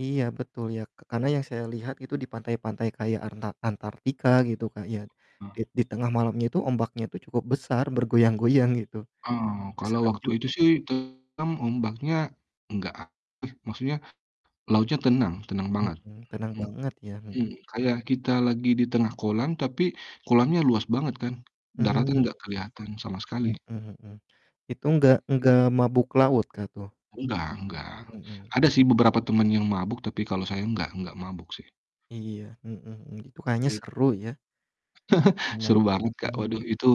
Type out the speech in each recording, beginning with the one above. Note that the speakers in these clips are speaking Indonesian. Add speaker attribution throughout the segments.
Speaker 1: Iya, betul, ya, ka karena yang saya lihat itu di pantai-pantai kayak antar Antartika gitu, Kak, ya, di
Speaker 2: Mmm.
Speaker 1: di tengah malamnya itu ombaknya tuh cukup besar bergoyang-goyang, gitu,
Speaker 2: Oh,
Speaker 1: ya,
Speaker 2: kalau
Speaker 1: seram
Speaker 2: waktu
Speaker 1: juga.
Speaker 2: itu, sih, tenang ombaknya, enggak, maksudnya, lautnya tenang tenang banget,
Speaker 1: Mhm, tenang
Speaker 2: mmm
Speaker 1: banget, ya, mhm.
Speaker 2: mmm, kayak kita lagi di tengah kolam tapi kolamnya luas banget, kan.
Speaker 1: Mmm,
Speaker 2: Daratan enggak
Speaker 1: iya,
Speaker 2: kelihatan sama sekali.
Speaker 1: mhm mhm, itu enggak
Speaker 2: Hmm.
Speaker 1: enggak mabuk laut, Kak, tuh?
Speaker 2: Enggak enggak,
Speaker 1: Mhm.
Speaker 2: ada, sih, beberapa teman yang mabuk, tapi kalau saya enggak enggak mabuk, sih.
Speaker 1: Iya, mhm, itu kayaknya
Speaker 2: Gitu, Kak,
Speaker 1: seru, ya.
Speaker 2: Seru
Speaker 1: Melaut ke
Speaker 2: banget, Kak.
Speaker 1: tengah
Speaker 2: Waduh, itu,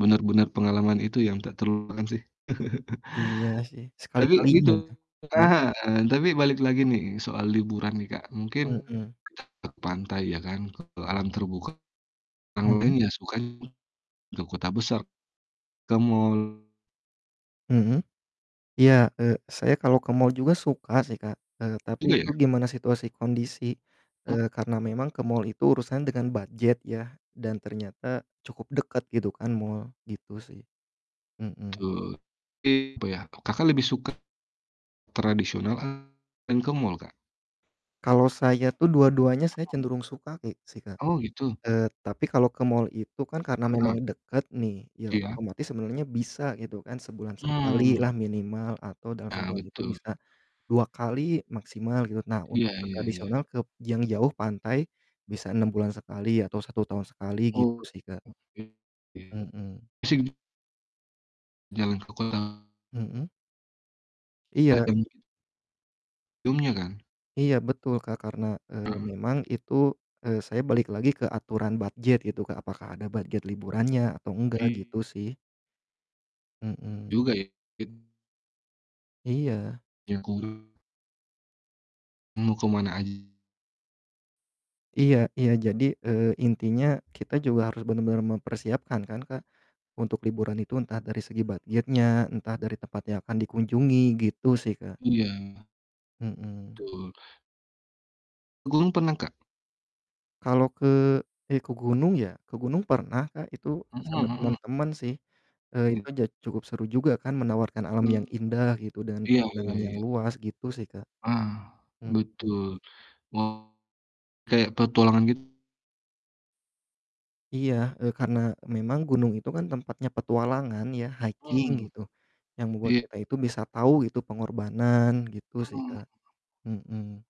Speaker 2: benar-benar pengalaman itu yang tak terlupakan, sih,
Speaker 1: Iya, sih, sekali-kali,
Speaker 2: tapi,
Speaker 1: iya.
Speaker 2: gitu
Speaker 1: Iya?
Speaker 2: heeh, tapi balik lagi nih soal liburan, nih, Kak, mungkin
Speaker 1: Mhm.
Speaker 2: ke pantai, ya, kan, ke alam terbuka, orang lain
Speaker 1: Mhm.
Speaker 2: ya sukanya ke kota besar, ke mall.
Speaker 1: Mhm, iya, eee, saya kalau ke mall juga suka, sih, Kak, eee, tapi
Speaker 2: Juga,
Speaker 1: itu
Speaker 2: ya.
Speaker 1: gimana situasi kondisi,
Speaker 2: Mhm.
Speaker 1: eee, karena memang ke mall itu urusannya dengan budget, ya, dan ternyata cukup dekat, gitu kan mall, gitu, sih, mhm.
Speaker 2: Betul, tapi apa, ya, Kakak lebih suka tradisional atau main ke mall, Kak?
Speaker 1: Kalau saya tuh dua-duanya saya
Speaker 2: Mhm.
Speaker 1: cenderung suka ki sih, Kak,
Speaker 2: Oh, gitu.
Speaker 1: eee, tapi kalau ke mall itu kan karena memang
Speaker 2: Heeh.
Speaker 1: dekat, nih, ya,
Speaker 2: Iya.
Speaker 1: otomatis sebenarnya bisa gitu kan sebulan
Speaker 2: Mmm.
Speaker 1: sekalilah minimal atau dalam
Speaker 2: Nah,
Speaker 1: sebulan itu
Speaker 2: betul.
Speaker 1: bisa, 2 kali maksimal, gitu. Nah, untuk
Speaker 2: Iya
Speaker 1: ke
Speaker 2: iya iya.
Speaker 1: tradisional kep yang jauh pantai, bisa 6 bulan sekali atau 1 tahun sekali gitu
Speaker 2: Oh,
Speaker 1: sih, Kak.
Speaker 2: oke oke.
Speaker 1: Mhm.
Speaker 2: E sing Jalan ke kota
Speaker 1: Mhm. Iya
Speaker 2: Ada
Speaker 1: i
Speaker 2: mungkin sebelumnya kan?
Speaker 1: Iya, betul, Kak, karena, eee,
Speaker 2: Heeh.
Speaker 1: memang itu, eee, saya balik lagi ke aturan budget itu, Kak, apakah ada budget liburannya atau enggak,
Speaker 2: Iya.
Speaker 1: gitu, sih. Mhm.
Speaker 2: Juga, ya. It
Speaker 1: Iya.
Speaker 2: Lingkungan Mau ke mana aj
Speaker 1: Iya iya, jadi, eee, intinya, kita juga harus benar-benar mempersiapkan, kan, Kak, untuk liburan itu entah dari segi budget-nya entah dari tempat yang akan dikunjungi, gitu, sih, Kak.
Speaker 2: Iya.
Speaker 1: Mhm.
Speaker 2: Betul. Ke gunung pernah, Kak?
Speaker 1: Kalau ke ya, ke gunung, ya, ke gunung pernah, Kak. Itu
Speaker 2: Mhm
Speaker 1: sama
Speaker 2: mhm.
Speaker 1: teman-teman sih, eee,
Speaker 2: Iya.
Speaker 1: itu ja cukup seru juga kan menawarkan alam yang
Speaker 2: Mmm,
Speaker 1: indah gitu dan
Speaker 2: iya iya
Speaker 1: pemandangan yang
Speaker 2: iya.
Speaker 1: luas gitu, sih, Kak.
Speaker 2: Ah,
Speaker 1: Mhm.
Speaker 2: betul. Oh, kayak petualangan gitu.
Speaker 1: Iya, eee, karena memang gunung itu kan tempatnya petualangan, ya, hiking
Speaker 2: Mmm,
Speaker 1: gitu, yang membuat
Speaker 2: iya.
Speaker 1: kita itu bisa tahu gitu pengorbanan, gitu, sih,
Speaker 2: Mmm.
Speaker 1: Kak, mhm.